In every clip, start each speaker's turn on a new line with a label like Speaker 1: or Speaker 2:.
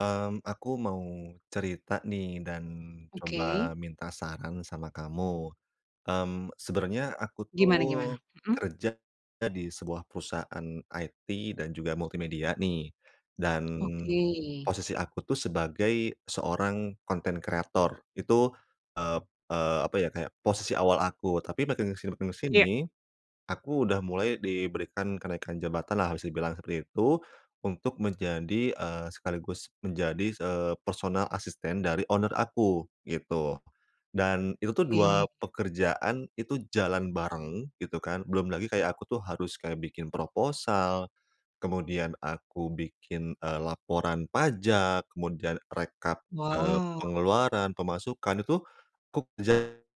Speaker 1: Mmm, aku mau cerita nih dan coba
Speaker 2: Oke.
Speaker 1: minta saran sama kamu, mmm, sebenernya aku tuh,
Speaker 2: Gimana gimana? Mhm.
Speaker 1: kerja di sebuah perusahaan IT dan juga multimedia nih, dan,
Speaker 2: Oke.
Speaker 1: posisi aku tuh sebagai seorang konten kreator itu, eee eee, apa ya kayak posisi awal aku tapi makin ke sini makin ke
Speaker 2: Iya.
Speaker 1: sini, aku udah mulai diberikan kenaikan jabatan lah bisa dibilang seperti itu, untuk menjadi, eee, sekaligus menjadi se personal asisten dari owner aku gitu, dan itu tuh
Speaker 2: Oke.
Speaker 1: 2 pekerjaan itu jalan bareng gitu kan belum lagi
Speaker 2: Iya.
Speaker 1: kayak aku tuh harus kayak bikin proposal, kemudian aku bikin, eee, laporan pajak, kemudian rekap, eee,
Speaker 2: Wah.
Speaker 1: pengeluaran, pemasukan itu ku kerjain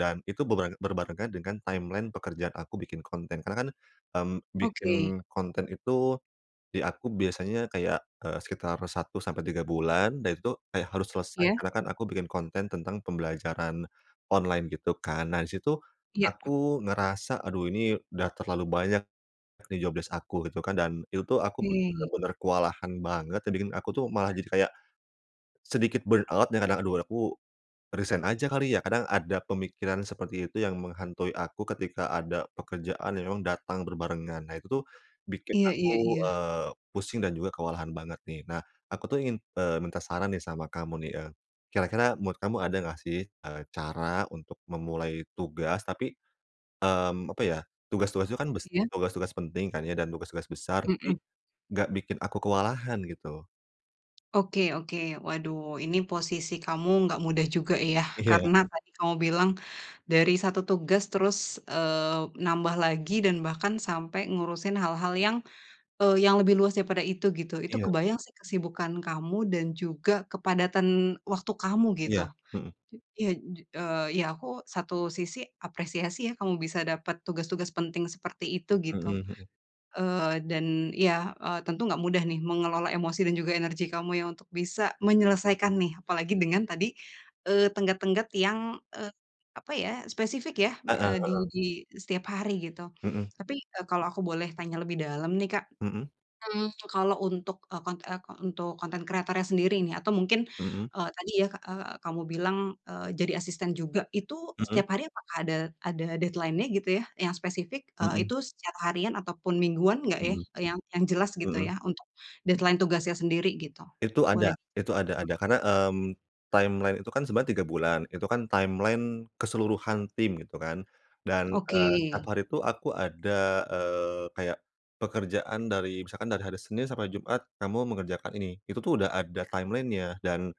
Speaker 1: dan itu berba berbarengan dengan timeline pekerjaan aku bikin konten karena kan, mmm, bikin
Speaker 2: Oke.
Speaker 1: konten itu, di aku biasanya kayak, eee, sekitar 1 sampai 3 bulan dan itu, eh, harus selesai
Speaker 2: Ya.
Speaker 1: karena kan aku bikin konten tentang pembelajaran, online gitu kan nah di situ,
Speaker 2: Iya.
Speaker 1: aku ngerasa aduh ini udah terlalu banyak, job desc aku gitu kan dan itu tuh aku
Speaker 2: Oke.
Speaker 1: bener-bener kewalahan banget dan bikin aku tuh malah jadi kayak. Sedikit burn out dan kadang aduh aku, resign aja kali ya kadang ada pemikiran seperti itu yang menghantui aku ketika ada pekerjaan yang memang datang berbarengan nah itu tuh, bikin
Speaker 2: Iya iya
Speaker 1: aku,
Speaker 2: iya.
Speaker 1: eee, pusing dan juga kewalahan banget nih nah aku tuh ingin, eee, minta saran nih sama kamu nih, eee, kira-kira menurut kamu ada enggak sih, eee, cara untuk memulai tugas tapi, mmm, apa ya tugas-tugas itu kan bes
Speaker 2: Iya.
Speaker 1: tugas-tugas penting kan ya dan tugas-tugas besar tapi,
Speaker 2: Mhm.
Speaker 1: enggak bikin aku kewalahan gitu.
Speaker 2: Oke oke waduh ini posisi kamu nggak mudah juga ya
Speaker 1: Iya.
Speaker 2: karena tadi kamu bilang, dari 1 tugas terus, eee, nambah lagi dan bahkan sampai ngurusin hal-hal yang, eee, yang lebih luas daripada itu gitu, itu
Speaker 1: Iya.
Speaker 2: kebayang sih kesibukan kamu dan juga kepadatan waktu kamu gitu,
Speaker 1: Iya, mhm.
Speaker 2: iya, eee, ya aku satu sisi apresiasi ya kamu bisa dapat tugas-tugas penting seperti itu
Speaker 1: Mhm
Speaker 2: gitu,
Speaker 1: mhm.
Speaker 2: eee, dan ya, eee, tentu enggak mudah nih mengelola emosi dan juga energi kamu ya untuk bisa menyelesaikan nih apalagi dengan tadi, eee, tenggat-tenggat yang, eee, apa ya spesifik ya,
Speaker 1: Heeh
Speaker 2: eee, di
Speaker 1: heeh.
Speaker 2: di setiap hari gitu,
Speaker 1: Mhm.
Speaker 2: tapi, eee, kalau aku boleh tanya lebih dalam nih Kak,
Speaker 1: Mhm.
Speaker 2: mmm, kalau untuk, eee, kon eee, untuk konten kreatornya sendiri nih atau mungkin,
Speaker 1: Mhm.
Speaker 2: eee, tadi ya, eee, kamu bilang, eee, jadi asisten juga itu
Speaker 1: Mhm.
Speaker 2: setiap hari apakah ada ada deadline-nya gitu ya? Yang spesifik, eee,
Speaker 1: Mhm.
Speaker 2: itu setiap harian ataupun mingguan enggak ya?
Speaker 1: Mhm.
Speaker 2: Yang yang jelas gitu
Speaker 1: Mhm.
Speaker 2: ya untuk, deadline-nya tugasnya sendiri gitu?
Speaker 1: Itu
Speaker 2: Boleh
Speaker 1: ada
Speaker 2: nih,
Speaker 1: itu ada
Speaker 2: mhm.
Speaker 1: ada karena, mmm, timeline itu kan sebenarnya 3 bulan itu kan timeline keseluruhan tim gitu kan, dan, eee, 1
Speaker 2: Oke.
Speaker 1: hari itu aku ada, eee, kayak, pekerjaan dari misalkan dari hari Senin sampai Jumat kamu mengerjakan ini itu tuh udah ada timeline-nya dan,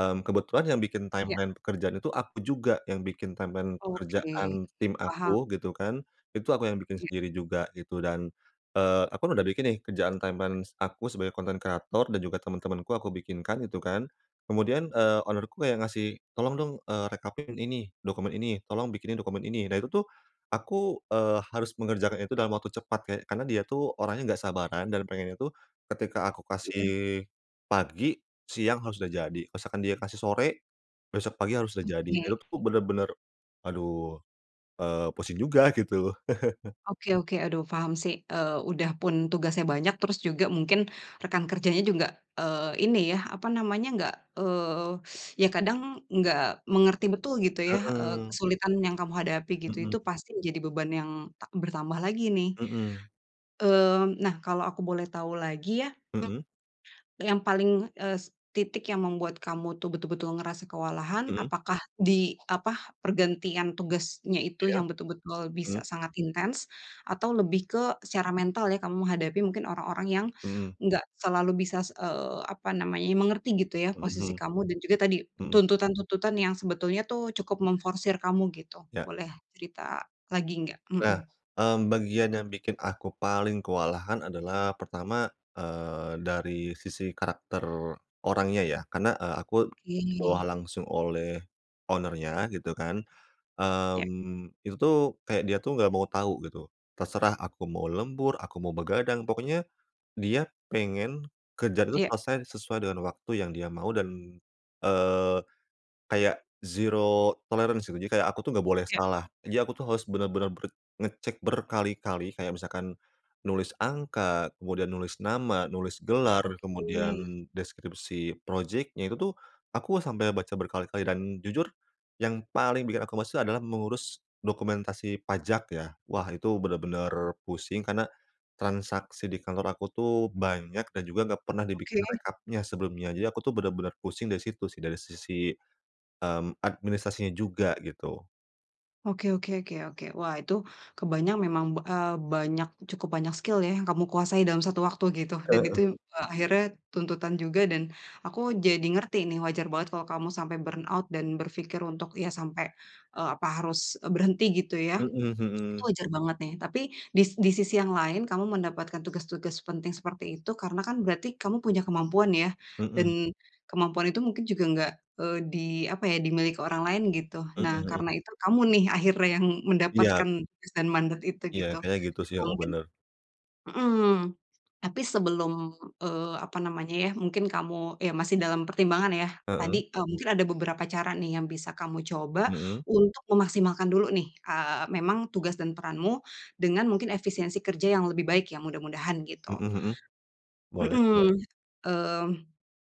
Speaker 1: mmm, kebetulan yang bikin
Speaker 2: Ya.
Speaker 1: timeline pekerjaan itu aku juga yang bikin timeline
Speaker 2: Oke,
Speaker 1: pekerjaan tim
Speaker 2: paham.
Speaker 1: aku gitu kan, itu aku yang bikin
Speaker 2: Iya.
Speaker 1: sendiri juga gitu dan, eee, aku udah bikin nih kerjaan timeline aku sebagai konten kreator dan juga temen-temanku aku bikinkan gitu kan, kemudian, eee, owner-ku yang ngasih, "Tolong dong," eee, "rekapin ini, dokumen ini." "Tolong bikinin dokumen ini," nah itu tuh, aku, eee, harus mengerjakan itu dalam waktu cepat ke karena dia tuh orangnya enggak sabaran dan pengennya tuh, ketika aku
Speaker 2: Iya.
Speaker 1: kasih, pagi, siang harus udah jadi misalkan dia kasih sore, besok pagi harus udah jadi
Speaker 2: Oke.
Speaker 1: itu tuh bener-bener, aduh, eee, pusing juga gitu.
Speaker 2: Oke oke aduh paham sih, eee, udah pun tugasnya banyak terus juga mungkin rekan kerjanya juga, eee, ini ya apa namanya nggak, eee, ya kadang enggak mengerti betul gitu ya, eee,
Speaker 1: Heeh.
Speaker 2: kesulitan yang kamu hadapi gitu,
Speaker 1: Mhm.
Speaker 2: itu pasti menjadi beban yang ta bertambah lagi nih,
Speaker 1: Mhm.
Speaker 2: eee, nah kalau aku boleh tahu lagi ya,
Speaker 1: Mhm.
Speaker 2: yang paling, eee, titik yang membuat kamu tuh betul-betul ngerasa kewalahan
Speaker 1: Mhm.
Speaker 2: apakah di apa pergantian tugasnya itu
Speaker 1: Iya,
Speaker 2: yang betul-betul bisa
Speaker 1: mhm.
Speaker 2: sangat intens, atau lebih ke secara mental ya kamu menghadapi mungkin orang-orang yang,
Speaker 1: Mhm.
Speaker 2: enggak selalu bisa, eee, apa namanya mengerti gitu ya
Speaker 1: Mhm
Speaker 2: posisi
Speaker 1: mhm.
Speaker 2: kamu dan juga tadi,
Speaker 1: Mhm.
Speaker 2: tuntutan-tuntutan yang sebetulnya tuh cukup memforsir kamu gitu?
Speaker 1: Ya.
Speaker 2: Boleh cerita lagi enggak?
Speaker 1: Nah,
Speaker 2: Mhm.
Speaker 1: mmm, bagian yang bikin aku paling kewalahan adalah pertama, eee, dari sisi karakter, orangnya ya karena, eee, aku, dibawah
Speaker 2: Oke.
Speaker 1: langsung oleh, owner-nya gitu kan,
Speaker 2: Ya.
Speaker 1: mmm, itu tuh kayak dia tuh enggak mau tau gitu, terserah aku mau lembur, aku mau begadang pokoknya, dia pengen, kerjaan itu
Speaker 2: Iya.
Speaker 1: selesai sesuai dengan waktu yang dia mau dan, eee, kayak zero tolerance gitu jadi kayak aku tuh enggak boleh
Speaker 2: Ya.
Speaker 1: salah, jadi aku tuh harus bener-bener ber ngecek berkali-kali kayak misalkan, nulis angka, kemudian nulis nama, nulis gelar,
Speaker 2: Oke.
Speaker 1: kemudian deskripsi projectnya, itu tuh, aku sampai baca berkali-kali dan jujur, yang paling bikin aku males itu adalah mengurus dokumentasi pajak ya, wah itu bener-bener pusing karena, transaksi di kantor aku tuh banyak dan juga enggak pernah dibikin
Speaker 2: Oke.
Speaker 1: rekapnya sebelumnya, jadi aku tuh bener-bener pusing dari situ sih dari sisi, mmm, administrasinya juga gitu.
Speaker 2: Oke oke oke oke. Wah, itu, kebayang memang be e banyak, cukup banyak skill ya yang kamu kuasai dalam 1 waktu, gitu. Dan
Speaker 1: Heeh.
Speaker 2: itu, e akhirnya, tuntutan juga dan, aku jadi ngerti nih, wajar banget kalau kamu sampai burnout dan berpikir untuk ya sampai, e apa harus, berhenti gitu ya,
Speaker 1: Mhm
Speaker 2: itu
Speaker 1: mhm.
Speaker 2: wajar banget nih, tapi, dis di sisi yang lain kamu mendapatkan tugas-tugas penting seperti itu, karena kan berarti kamu punya kemampuan ya, dan,
Speaker 1: Mhm.
Speaker 2: kemampuan itu mungkin juga enggak, eee, di, apa ya, dimiliki orang lain gitu.
Speaker 1: Mhm
Speaker 2: Nah,
Speaker 1: mhm.
Speaker 2: karena itu kamu nih akhirnya yang
Speaker 1: Iya.
Speaker 2: mendapatkan tugas dan mandat itu,
Speaker 1: Iya,
Speaker 2: gitu.
Speaker 1: kayak gitu sih,
Speaker 2: Nah
Speaker 1: heeh,
Speaker 2: mungkin
Speaker 1: benar.
Speaker 2: hmm, tapi sebelum, eee, apa namanya ya, mungkin kamu, ya masih dalam pertimbangan ya. Tadi,
Speaker 1: Heeh.
Speaker 2: e mungkin ada beberapa cara nih yang bisa kamu coba,
Speaker 1: Hmm.
Speaker 2: untuk memaksimalkan dulu nih, eee, memang tugas dan peranmu, dengan mungkin efisiensi kerja yang lebih baik ya, mudah-mudahan gitu.
Speaker 1: Mhm mhm, boleh
Speaker 2: Mhm,
Speaker 1: boleh.
Speaker 2: mmm,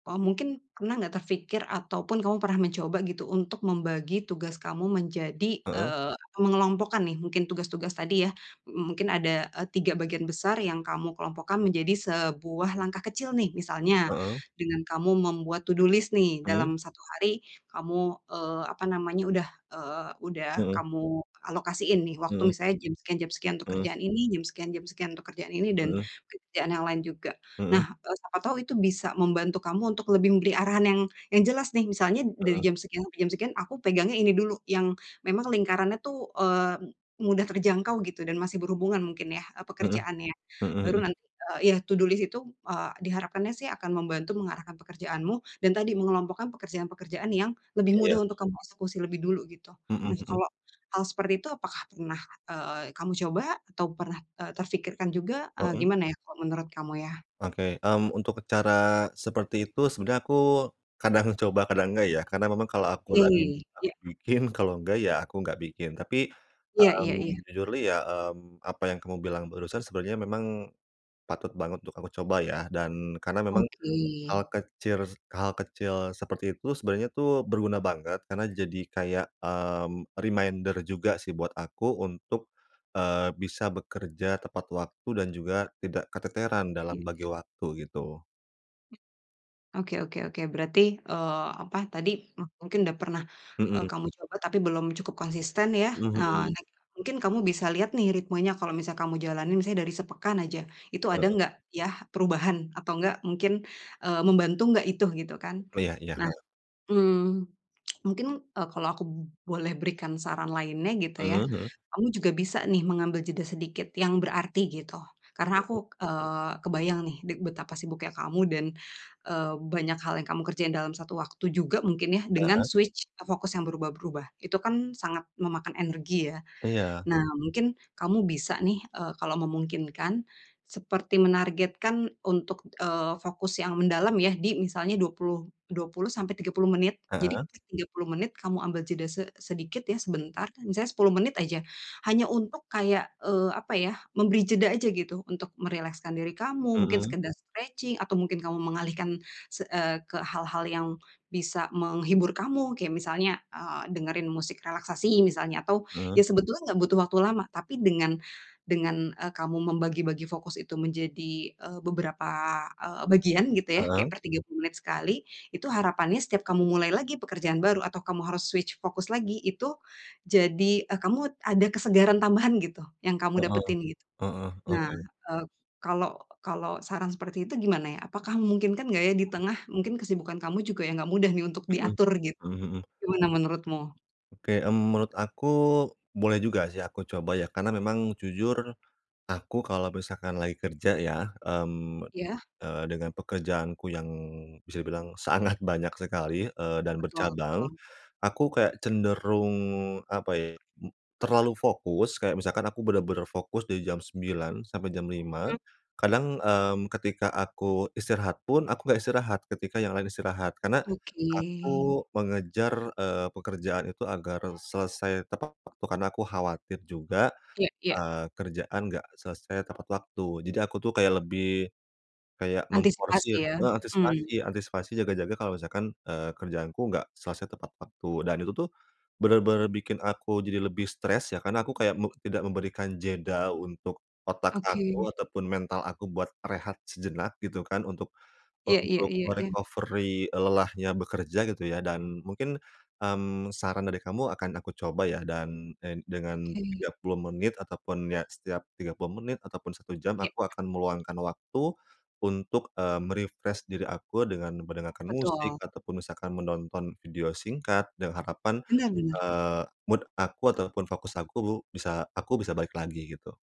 Speaker 2: oh, mungkin, pernah enggak terpikir ataupun kamu pernah mencoba gitu, untuk membagi tugas kamu menjadi,
Speaker 1: Heeh.
Speaker 2: eee, mengelompokkan nih, mungkin tugas-tugas tadi ya, m mungkin ada, e 3 bagian besar yang kamu kelompokkan menjadi sebuah langkah kecil nih. Misalnya,
Speaker 1: Heeh.
Speaker 2: dengan kamu membuat to do list nih,
Speaker 1: Oke.
Speaker 2: dalam 1 hari kamu, eee, apa namanya, udah, eee, udah
Speaker 1: Hmm.
Speaker 2: kamu, alokasiin nih waktu
Speaker 1: Hmm.
Speaker 2: misalnya jam sekian jam sekian untuk
Speaker 1: Mmm.
Speaker 2: kerjaan ini, jam sekian jam sekian untuk kerjaan ini dan
Speaker 1: Mhm.
Speaker 2: mungkin pekerjaan yang lain juga.
Speaker 1: Hmm.
Speaker 2: Nah, e siapa tahu itu bisa membantu kamu untuk lebih memberi arahan yang yang jelas nih. Misalnya dari
Speaker 1: Hmm.
Speaker 2: jam sekian sampai jam sekian aku pegangnya ini dulu, yang memang lingkarannya tuh, eee, m mudah terjangkau gitu dan masih berhubungan mungkin ya, e
Speaker 1: Mhm,
Speaker 2: pekerjaannya.
Speaker 1: hmm hmm.
Speaker 2: Baru nanti, eee, ya, to do list, itu, eee, diharapkannya sih akan membantu mengarahkan pekerjaanmu, dan tadi mengelompokkan pekerjaan-pekerjaan yang, lebih
Speaker 1: Iya.
Speaker 2: mudah untuk kamu eksekusi lebih dulu gitu.
Speaker 1: Hmm
Speaker 2: Nah
Speaker 1: hmm.
Speaker 2: kalau, hal seperti itu apakah pernah, eee, kamu coba? Atau pernah e terpikirkan juga, ah,
Speaker 1: Hmm.
Speaker 2: gimana ya kalau menurut kamu ya?
Speaker 1: Oke, mmm, untuk cara, seperti itu sebenarnya aku, kadang coba, kadang enggak ya. Karena memang kalau aku lagi
Speaker 2: Ih,
Speaker 1: nggak
Speaker 2: iya.
Speaker 1: bikin, kalau enggak ya aku enggak bikin. Tapi,
Speaker 2: Iya iya iya.
Speaker 1: mmm, jujurly ya, mmm, apa yang kamu bilang barusan sebenarnya memang, patut banget untuk aku coba ya. Dan, karena memang,
Speaker 2: Oke.
Speaker 1: hal kecir hal kecil seperti itu, sebenarnya tuh, berguna banget, karena jadi kayak, mmm, reminder juga sih buat aku untuk, eee, bisa bekerja tepat waktu dan juga, tidak keteteran dalam
Speaker 2: Iya
Speaker 1: bagi
Speaker 2: iya.
Speaker 1: waktu gitu.
Speaker 2: Oke oke oke, berarti, eee, apa tadi, m mungkin udah pernah, eee,
Speaker 1: Mhm
Speaker 2: kamu coba tapi belum cukup konsisten, ya.
Speaker 1: Mhm mhm.
Speaker 2: Next time mungkin kamu bisa lihat, nih, ritmenya, kalau misal kamu jalanin misalnya dari sepekan aja, itu ada
Speaker 1: Heeh.
Speaker 2: nggak, ya, perubahan. Atau nggak, mungkin, eee, membantu nggak itu, gitu, kan.
Speaker 1: Iya iya,
Speaker 2: Nah,
Speaker 1: heeh.
Speaker 2: mmm, mungkin, eee, kalau aku b boleh berikan saran lainnya gitu, ya.
Speaker 1: Eee, heeh.
Speaker 2: Kamu juga bisa, nih, mengambil jeda sedikit yang berarti, gitu. Karena
Speaker 1: Heeh.
Speaker 2: aku, eee, kebayang, nih, dig betapa sibuknya kamu, dan, eee, banyak hal yang kamu kerjain dalam satu waktu juga mungkin, ya, dengan
Speaker 1: Heeh.
Speaker 2: switch fokus yang berubah-berubah. Itu, kan, sangat memakan energi, ya.
Speaker 1: Iya.
Speaker 2: Nah, mungkin kamu bisa nih, eee, kalau memungkinkan, seperti menargetkan untuk, eee, fokus yang mendalam, ya, di misalnya 20 20 sampai 30 menit. Jadi,
Speaker 1: Heeh.
Speaker 2: 30 menit kamu ambil jeda se sedikit, ya, sebentar misalnya 10 menit aja. Hanya untuk kayak, eee, apa, ya, memberi jeda aja gitu, untuk merilekskan diri kamu, mungkin
Speaker 1: Mhm.
Speaker 2: sekedar stretching, atau mungkin kamu mengalihkan se eee, ke hal-hal yang bisa menghibur kamu. Kayak misalnya, eee, dengerin musik relaksasi misalnya, atau,
Speaker 1: Heeh.
Speaker 2: ya, sebetulnya enggak butuh waktu lama, tapi dengan dengan, eee, kamu membagi-bagi fokus itu menjadi, eee, beberapa, eee, bagian gitu, ya. Kayak
Speaker 1: Heeh.
Speaker 2: per 30 menit sekali, itu harapannya setiap kamu mulai lagi pekerjaan baru atau kamu harus switch fokus lagi, itu jadi, eee, kamu ada kesegaran tambahan gitu, yang kamu
Speaker 1: Heeh.
Speaker 2: dapetin, gitu.
Speaker 1: Heeh,
Speaker 2: Nah,
Speaker 1: oke.
Speaker 2: eee, kalau kalau saran seperti itu gimana, ya? Apakah memungkinkan nggak, ya, di
Speaker 1: Heeh.
Speaker 2: tengah mungkin kesibukan kamu juga yang enggak mudah, nih, untuk
Speaker 1: Mhm,
Speaker 2: diatur, gitu?
Speaker 1: mhm mhm.
Speaker 2: Gimana menurutmu?
Speaker 1: Oke, mmm, menurut aku, boleh juga sih aku coba ya, karena memang, jujur, aku kalo misalkan lagi kerja ya, mmm,
Speaker 2: Iya.
Speaker 1: eee, dengan pekerjaanku yang, bisa dibilang sangat banyak sekali, eee, dan
Speaker 2: Betul
Speaker 1: bercabang.
Speaker 2: betul.
Speaker 1: Aku kayak cenderung, apa ya, m terlalu fokus, kayak misalkan aku benar-benar fokus dari jam 9, sampai jam 5.
Speaker 2: Mmm.
Speaker 1: Kadang, mmm, ketika aku istirahat pun, aku enggak istirahat, ketika yang lain istirahat. Karena,
Speaker 2: Oke.
Speaker 1: aku mengejar, eee, pekerjaan itu agar selesai tepat waktu karena aku khawatir juga,
Speaker 2: Iya iya.
Speaker 1: eee, kerjaan enggak selesai tepat waktu. Jadi aku tuh kayak lebih, kayak
Speaker 2: Antisipasi
Speaker 1: memforsir,
Speaker 2: ya?
Speaker 1: heeh,
Speaker 2: Mmm.
Speaker 1: antisipasi antisipasi jaga-jaga kalau misalkan, eee, kerjaanku enggak selesai tepat waktu. Dan itu tuh, benar-benar bikin aku jadi lebih stres ya karena aku kayak, mu tidak memberikan jeda untuk, otak
Speaker 2: Oke.
Speaker 1: aku ataupun mental aku buat rehat sejenak gitu kan, untuk
Speaker 2: Iya iya
Speaker 1: untuk
Speaker 2: iya
Speaker 1: me
Speaker 2: iya.
Speaker 1: recovery, e lelahnya bekerja gitu ya. Dan mungkin, mmm, saran dari kamu akan aku coba ya, dan en dengan
Speaker 2: Oke.
Speaker 1: 30 menit ataupun ya, setiap 30 menit ataupun 1 jam
Speaker 2: Ya.
Speaker 1: aku akan meluangkan waktu, untuk, eee, me refresh diri aku dengan mendengarkan musik
Speaker 2: Betul.
Speaker 1: ataupun misalkan menonton video singkat, dengan harapan,
Speaker 2: Benar benar.
Speaker 1: eee, mood aku ataupun fokus aku, bisa aku bisa balik lagi gitu.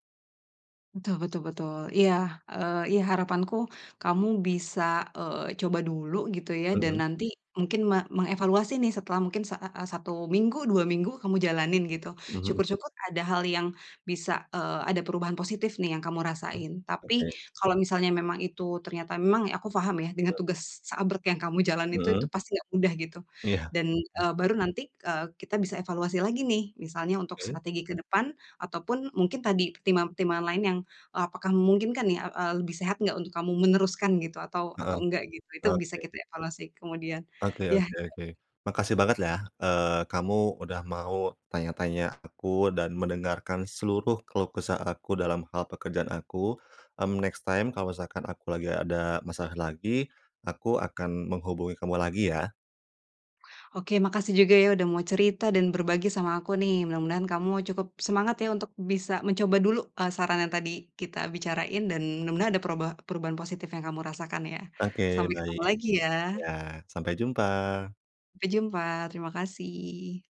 Speaker 2: Betul betul betul. Iya, eee, iya, harapanku kamu bisa, eee, coba dulu gitu, ya, dan
Speaker 1: Heeh.
Speaker 2: nanti mungkin me mengevaluasi, nih, setelah mungkin sa a a 1 minggu, 2 minggu kamu jalanin gitu.
Speaker 1: Heeh.
Speaker 2: Syukur-syukur ada hal yang bisa eee, ada perubahan positif, nih, yang kamu rasain. Tapi
Speaker 1: Oke.
Speaker 2: kalau misalnya memang itu ternyata memang aku paham, ya, dengan
Speaker 1: [unintelligible]
Speaker 2: tugas seabrek yang kamu jalan itu, itu
Speaker 1: Heeh.
Speaker 2: pasti nggak mudah gitu.
Speaker 1: Iya.
Speaker 2: Dan, eee, baru nanti, eee, kita bisa evaluasi lagi, nih, misalnya untuk
Speaker 1: Oke.
Speaker 2: strategi ke depan, ataupun mungkin tadi pertimbangan-pertimbangan lain yang, eee, apakah memungkinkan, nih, eee, lebih sehat enggak untuk kamu meneruskan gitu, atau
Speaker 1: Heeh,
Speaker 2: atau enggak gitu. Itu bisa
Speaker 1: oke.
Speaker 2: kita evaluasi kemudian,
Speaker 1: Oke
Speaker 2: yah
Speaker 1: oke oke. Makasih banget, ya, eee, kamu udah mau tanya-tanya aku dan mendengarkan seluruh keluh kesah aku dalam hal pekerjaan aku. Mmm, next time kalau misalkan aku lagi ada masalah lagi, aku akan menghubungi kamu lagi, ya.
Speaker 2: Oke, makasih juga, ya, udah mau cerita dan berbagi sama aku, nih. Mudah-mudahan kamu cukup semangat, ya, untuk bisa mencoba dulu, eee, saran yang tadi kita bicarain dan mudah-mudahan ada perubah perubahan positif yang kamu rasakan, ya.
Speaker 1: Oke,
Speaker 2: Sampai
Speaker 1: baik.
Speaker 2: ketemu lagi,
Speaker 1: Iya,
Speaker 2: ya.
Speaker 1: sampai jumpa.
Speaker 2: Sampai jumpa, terima kasih.